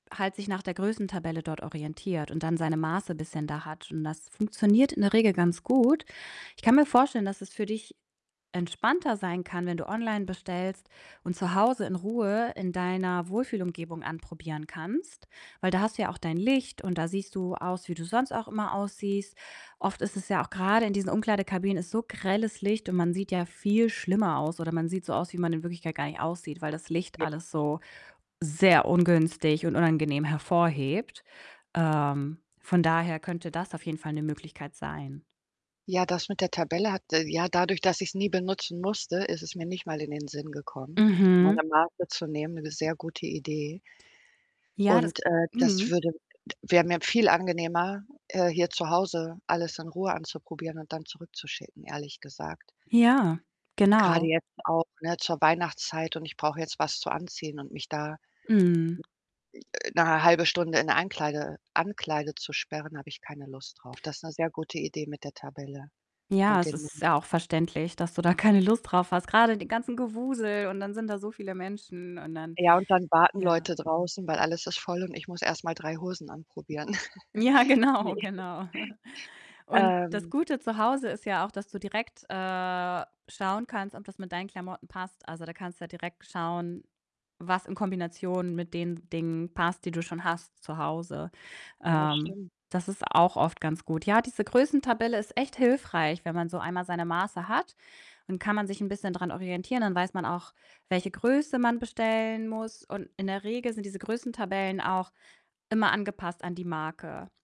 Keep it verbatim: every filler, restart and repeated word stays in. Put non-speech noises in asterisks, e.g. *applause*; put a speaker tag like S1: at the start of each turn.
S1: Halt sich nach der Größentabelle dort orientiert und dann seine Maße bisschen da hat und das funktioniert in der Regel ganz gut. Ich kann mir vorstellen, dass es für dich entspannter sein kann, wenn du online bestellst und zu Hause in Ruhe in deiner Wohlfühlumgebung anprobieren kannst, weil da hast du ja auch dein Licht und da siehst du aus, wie du sonst auch immer aussiehst. Oft ist es ja auch grade in diesen Umkleidekabinen ist so grelles Licht und man sieht ja viel schlimmer aus oder man sieht so aus, wie man in Wirklichkeit gar nicht aussieht, weil das Licht
S2: J
S1: alles
S2: *unintelligible*
S1: so sehr ungünstig und unangenehm hervorhebt. Ähm, von daher könnte das auf jeden Fall 'ne Möglichkeit sein.
S2: Ja, das mit der Tabelle hat ja, dadurch, dass ich's nie benutzen musste, ist es mir nicht mal in den Sinn gekommen,
S1: Mhm.
S2: meine Maße zu nehmen. Eine sehr gute Idee.
S1: Ja, das
S2: Und, äh, das
S1: mhm.
S2: würde wäre mir viel angenehmer, äh, hier zu Hause alles in Ruhe anzuprobieren und dann zurückzuschicken, ehrlich gesagt.
S1: Ja,
S2: Grade
S1: genau.
S2: jetzt auch, ne, zur Weihnachtszeit und ich brauche jetzt was zu anziehen und mich da,
S1: Mhm.
S2: äh, 'ne halbe Stunde in 'ne Ankleide Ankleide zu sperren, habe ich keine Lust drauf. Das ist 'ne sehr gute Idee mit der Tabelle
S1: Ja,
S2: und
S1: es
S2: den Nu
S1: ist ja auch verständlich, dass du da keine Lust drauf hast. Grade den ganzen Gewusel und dann sind da so viele Menschen und dann
S2: Ja, und dann warten
S1: ja.
S2: Leute draußen, weil alles ist voll und ich muss erst mal drei Hosen anprobieren.
S1: Ja,
S2: *chuckles* Ne.
S1: genau, genau. *chuckles*
S2: *chuckles*
S1: Und das
S2: Ähm.
S1: Gute zu Hause ist ja auch, dass du direkt, äh, schauen kannst, ob das mit deinen Klamotten passt. Also, da kannst du ja direkt schauen, was in Kombination mit den Dingen passt, die du schon hast zu Hause.
S2: Ja,
S1: Ähm,
S2: stimmt.
S1: das ist auch oft ganz gut. Ja, diese Größentabelle ist echt hilfreich, wenn man so einmal seine Maße hat, dann kann man sich 'n bisschen dran orientieren, dann weiß man auch, welche Größe man bestellen muss. Und in der Regel sind diese Größentabellen auch immer angepasst an die Marke.